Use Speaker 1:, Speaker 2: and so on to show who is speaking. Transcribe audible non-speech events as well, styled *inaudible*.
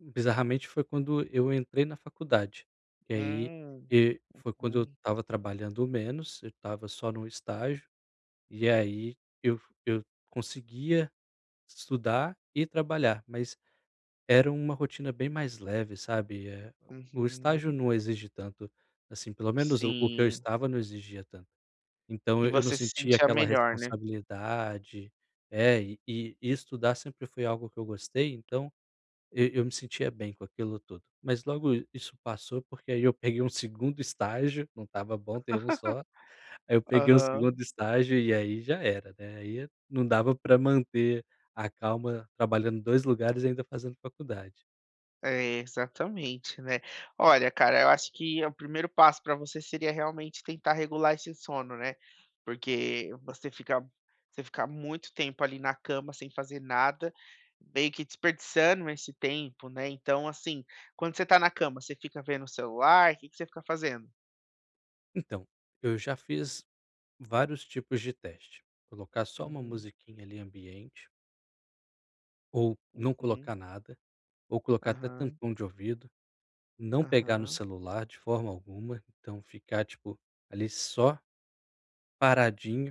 Speaker 1: Hum, bizarramente, foi quando eu entrei na faculdade. E aí,
Speaker 2: Ah.
Speaker 1: e foi quando eu
Speaker 2: Aham.
Speaker 1: estava trabalhando menos. Eu estava só num estágio. E aí, eu eu conseguia estudar e trabalhar, mas era uma rotina bem mais leve, sabe? Eh, o o estágio
Speaker 2: Uhum.
Speaker 1: não exige tanto. Assim, pelo menos o o que eu
Speaker 2: Sim.
Speaker 1: estava não exigia tanto. Então
Speaker 2: E
Speaker 1: eu não
Speaker 2: você se
Speaker 1: sentia
Speaker 2: sentia
Speaker 1: aquela
Speaker 2: melhor, né?
Speaker 1: responsabilidade. É. E estudar sempre foi algo que eu gostei, então e eu me sentia bem com aquilo tudo. Mas logo isso passou, porque, aí, eu peguei um segundo estágio. Não estava bom ter 1 só. Aí, eu
Speaker 2: *laughs*
Speaker 1: peguei o segundo
Speaker 2: Aham.
Speaker 1: estágio. E aí, já era, né? Aí, não dava pra manter a calma trabalhando em 2 lugares e ainda fazendo faculdade.
Speaker 2: É, exatamente, né? Olha, cara, eu acho que o primeiro passo pra você seria, realmente, tentar regular esse sono, né? Porque você fica você fica muito tempo, ali, na cama sem fazer nada. Meio que desperdiçando esse tempo, né? Então, assim, quando você tá na cama, você fica vendo o celular? Que que você fica fazendo?
Speaker 1: Então, eu já fiz vários tipos de teste. Colocar só uma
Speaker 2: Uhum.
Speaker 1: musiquinha, ali, ambiente ou não
Speaker 2: Uhum.
Speaker 1: colocar nada, ou colocar até
Speaker 2: Aham.
Speaker 1: tampão de ouvido. Não pegar no
Speaker 2: Aham.
Speaker 1: celular de forma alguma, então, ficar, tipo, ali, só paradinho.